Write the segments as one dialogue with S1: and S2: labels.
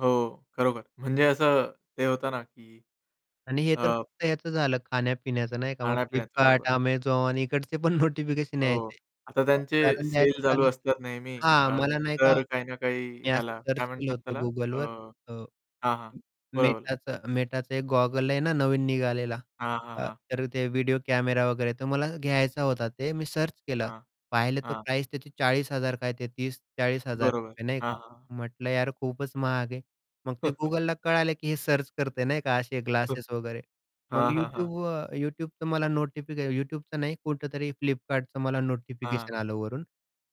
S1: हो, खरोखर म्हणजे असं ते होतं ना की
S2: आणि हे तर
S1: अ
S2: फक्त ह्याचं झालं खाणं-पिण्याचं नाही का मग
S1: खाण्या-पिण्याचं बरोबर.
S2: फ्लिपकार्ट, Amazon इकडचे पण नोटिफिकेशन
S1: हो.
S2: यायचे.
S1: आता
S2: अ,
S1: त्यांचे
S2: उदाहरण
S1: सेल
S2: द्यायचं
S1: चालू
S2: झालं
S1: असतात नेहमी.
S2: तर हां,
S1: अ,
S2: मला ना एका
S1: तर काही ना काही
S2: मी असं
S1: ह्याला
S2: सर्च
S1: काय
S2: केलं
S1: म्हणतात
S2: होतं
S1: त्याला
S2: Google
S1: अ,
S2: वर
S1: हां,
S2: अ,
S1: हां. बोला, बोला.
S2: Metaचा Metaचा एक गॉगल आहे ना नवीन निघालेला.
S1: हां, हां,
S2: अ,
S1: हां.
S2: तर ते अ, व्हिडिओ कॅमेरा वगैरे तर मला घ्यायचा होता ते मी सर्च केलं
S1: हां,
S2: पाहिलं तर
S1: हां.
S2: प्राईस त्याची 40,000 काय ते तीस चाळीस हजार
S1: बरोबर,
S2: रुपये नाही
S1: हां,
S2: का?
S1: हां.
S2: म्हटलं यार खूपच महाग आहे. मग ते Googleला कळालं की हे सर्च करतंय नाही का? असे ग्लासेस वगैरे मग
S1: हां, हां, हां.
S2: Youtube अ, Youtubeचं मला नोटिफिकेशन Youtubeचं नाही कुठेतरी फ्लिपकार्टचं मला
S1: हां.
S2: नोटिफिकेशन आलं वरून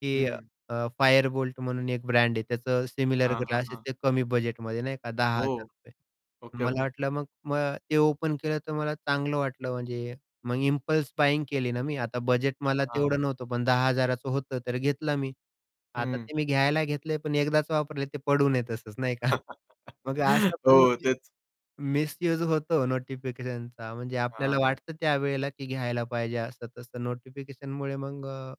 S2: की
S1: हं.
S2: अ, फायर बोल्ट म्हणून एक ब्रँड आहे त्याचं सिमिलर
S1: हां, हां,
S2: ग्लासेस
S1: हां.
S2: ते कमी बजेटमध्ये नाही का? दहा हजार
S1: हो.
S2: रुपये
S1: ओके,
S2: मला
S1: ओके.
S2: वाटलं मग ते ओपन केलं तर मला चांगलं वाटलं म्हणजे मग इम्पल्स बायिंग केली ना मी. आता बजेट मला
S1: हां, हां.
S2: तेवढं नव्हतं पण 10,000 चं होतं तर घेतलं मी. आता
S1: हं.
S2: ते मी घ्यायला घेतलंय पण एकदाच वापरले ते पडू नये तसंच नाही का? मग असं
S1: हो
S2: पण मिस
S1: तेच.
S2: मिस्यूज होतो नोटिफिकेशनचा म्हणजे आपल्याला
S1: हां.
S2: वाटतं त्यावेळेला की घ्यायला पाहिजे, असं-तसं नोटिफिकेशनमुळे मग अ,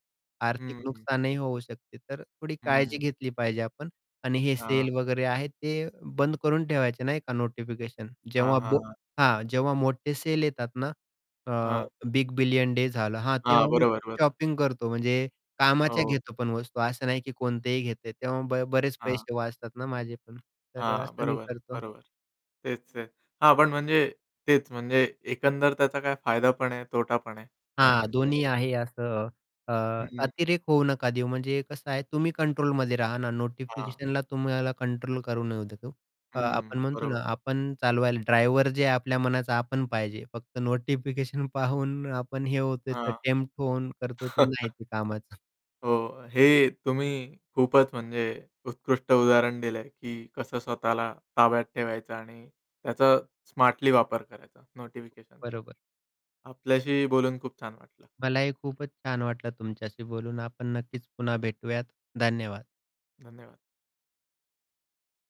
S1: हं.
S2: आर्थिक
S1: हं.
S2: नुकसानही होऊ शकते. तर थोडी काळजी
S1: हं.
S2: घेतली पाहिजे आपण आणि हे सेल
S1: हां.
S2: वगैरे आहे, ते बंद करून ठेवायचं नाही का, नोटिफिकेशन
S1: हां,
S2: जेव्हा
S1: हां,
S2: बो
S1: हां.
S2: हां, जेव्हा मोठे सेल येतात ना अ,
S1: हां.
S2: बिग बिलियन डे झाला हां,
S1: हां,
S2: तेव्हा मी
S1: बरोबर,
S2: खूप
S1: बरोबर.
S2: शॉपिंग करतो, म्हणजे कामाच्या
S1: हो.
S2: घेतो पण वस्तू, असं नाही की कोणतेही घेते, तेव्हा ब बरेच
S1: हां.
S2: पैसे वाचतात ना माझे पण तर
S1: हां,
S2: असं मी
S1: बरोबर,
S2: करतो.
S1: बरोबर. तेच-तेच. हां, पण म्हणजे तेच म्हणजे एकंदर त्याचा काय फायदा पण आहे, तोटा पण आहे. नाही
S2: हां,
S1: म्हटलं
S2: दोन्ही
S1: तरी.
S2: आहे असं. अ,
S1: हं.
S2: अतिरेक होऊ नका देऊ म्हणजे कसं आहे तुम्ही कंट्रोलमध्ये राहा ना.
S1: हां.
S2: नोटिफिकेशनला तुम्हाला कंट्रोल करू नका देऊ. अ,
S1: हं,
S2: आपण म्हणतो
S1: बरोबर.
S2: ना आपण चालवायला ड्रायव्हर जे आहे आपल्या मनाचा आपण पाहिजे. फक्त नोटिफिकेशन पाहून आपण हे होतोय तर
S1: हां.
S2: टेम्प्ट होऊन करतोय तर नाही ते कामाचं.
S1: हो. हे तुम्ही खूपच म्हणजे उत्कृष्ट उदाहरण दिलंय, की कसं स्वतःला ताब्यात ठेवायचं आणि त्याचा स्मार्टली वापर करायचा नोटिफिकेशनचा.
S2: बरोबर.
S1: आपल्याशीही बोलून खूप छान वाटलं.
S2: मलाही खूपच छान वाटलं तुमच्याशी बोलून. आपण नक्कीच पुन्हा भेटूयात. धन्यवाद.
S1: धन्यवाद.